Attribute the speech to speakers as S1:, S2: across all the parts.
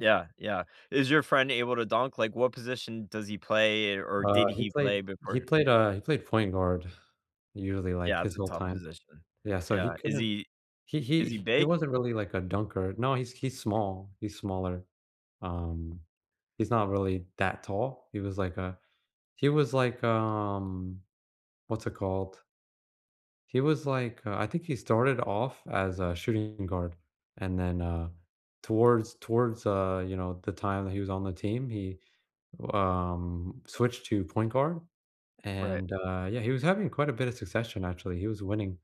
S1: Yeah, yeah. Is your friend able to dunk? Like, what position does he play, or
S2: Uh,
S1: did
S2: he
S1: he
S2: played
S1: play
S2: he
S1: before
S2: played, uh, he played point guard usually, like,
S1: Yeah,
S2: his
S1: it's a
S2: whole
S1: tough
S2: time.
S1: position.
S2: Yeah, so he
S1: Yeah. Is
S2: couldn't
S1: he
S2: he
S1: is he
S2: he he
S1: big?
S2: wasn't really, like, a dunker. No, he's he's small, he's smaller. Um, he's not really that tall. He was like a he was like, um, what's it called he was, like, uh I think he started off as a shooting guard, and then, uh, towards towards, uh, you know, the time that he was on the team, he, um, switched to point guard,
S1: Right.
S2: and, uh, yeah, he was having quite a bit of succession, actually. He was winning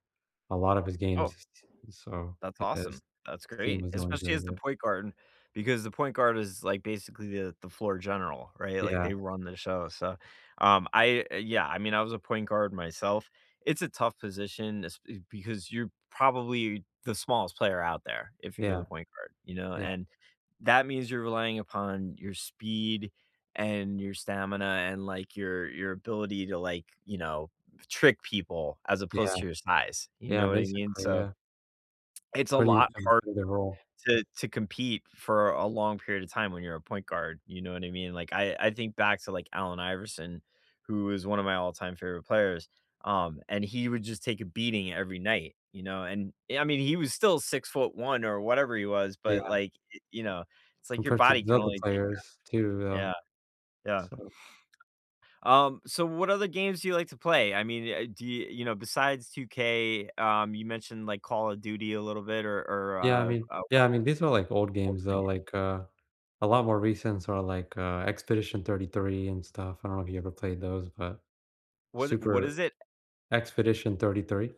S2: a lot of his games.
S1: Oh.
S2: T and so,
S1: That's
S2: yeah, his
S1: awesome. That's
S2: his team
S1: great.
S2: was going
S1: Especially
S2: very
S1: as the
S2: good.
S1: point guard, and because the point guard is, like, basically the the floor general, right? Like,
S2: Yeah.
S1: they run the show, so, um, I yeah, I mean, I was a point guard myself. It's a tough position esp eh, because you're probably the smallest player out there, if you're the
S2: Yeah.
S1: point guard, you know,
S2: Yeah.
S1: and that means you're relying upon your speed, and your stamina and, like, your your ability to, like, you know, trick people as
S2: Yeah.
S1: opposed to your size, you
S2: Yeah,
S1: know what I mean?
S2: basically,
S1: So
S2: yeah. It's
S1: it's a
S2: pretty
S1: lot harder
S2: [unintelligible] role.
S1: to to compete for a long period of time when you're a point guard, you know what I mean? Like, I I think back to, like, Allen Iverson, who is one of my all-time favorite players, um, and he would just take a beating every night, you know? And, I mean, he was still 6'1" or whatever he was, but,
S2: Yeah.
S1: like, y you know, it's like your
S2: Compared to
S1: body
S2: the
S1: can
S2: other
S1: only take
S2: players too
S1: that.
S2: though,
S1: Yeah. Yeah.
S2: so
S1: Um, so, what other games do you like to play? I mean, uh, do you you know, besides 2K, um, you mentioned, like, Call of Duty a little bit or or,
S2: Yeah, I
S1: uh
S2: mean
S1: uh
S2: yeah, I mean, these are, like, old games, though.
S1: Fortnite.
S2: Like, uh, a lot more recents are, like, uh, Expedition 33 and stuff. I don't know if you ever played those, but
S1: Was it what is
S2: super
S1: it?
S2: Expedition 33.